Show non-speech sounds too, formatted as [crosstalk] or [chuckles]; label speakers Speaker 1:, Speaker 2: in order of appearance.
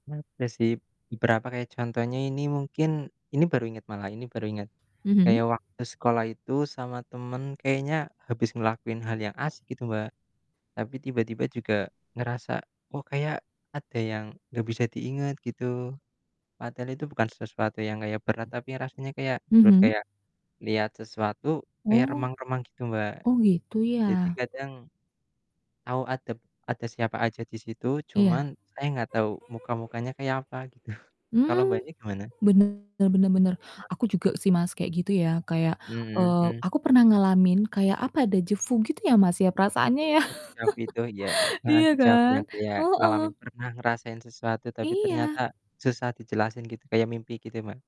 Speaker 1: Pernah ada sih, berapa kayak contohnya ini mungkin ini baru inget malah, ini baru inget.
Speaker 2: Mhm.
Speaker 1: Kayak waktu sekolah itu sama temen, kayaknya habis ngelakuin hal yang asik gitu, Mbak. Tapi tiba-tiba juga ngerasa, "Oh, kayak ada yang nggak bisa diinget," gitu. Padahal itu bukan sesuatu yang kayak berat, tapi rasanya kayak blur
Speaker 2: Mhm.
Speaker 1: kayak lihat sesuatu, kayak
Speaker 2: Oh.
Speaker 1: remang-remang gitu, Mbak.
Speaker 2: Oh, gitu
Speaker 1: Jadi,
Speaker 2: ya?
Speaker 1: kadang tahu ada ada siapa aja di situ,
Speaker 2: Iya.
Speaker 1: cuman saya gak tahu muka-mukanya kayak apa, gitu. [chuckles] Kalau
Speaker 2: Mmm.
Speaker 1: Mbaknya, gimana?
Speaker 2: Bener bener bener,
Speaker 1: Heeh.
Speaker 2: aku juga sih, Mas, kayak gitu, ya, kayak,
Speaker 1: Mhm
Speaker 2: eee,
Speaker 1: mhm.
Speaker 2: aku pernah ngalamin kayak apa dejavu gitu, ya, Mas, ya, perasaannya ya.
Speaker 1: Eh, dejavu itu oh iya, heeh,
Speaker 2: Iya
Speaker 1: dejavu
Speaker 2: kan?
Speaker 1: yang kayak
Speaker 2: Heeh.
Speaker 1: ngalamin, pernah ngerasain sesuatu. Tapi ternyata,
Speaker 2: Iya.
Speaker 1: susah dijelasin gitu, kayak mimpi gitu ya, Mbak?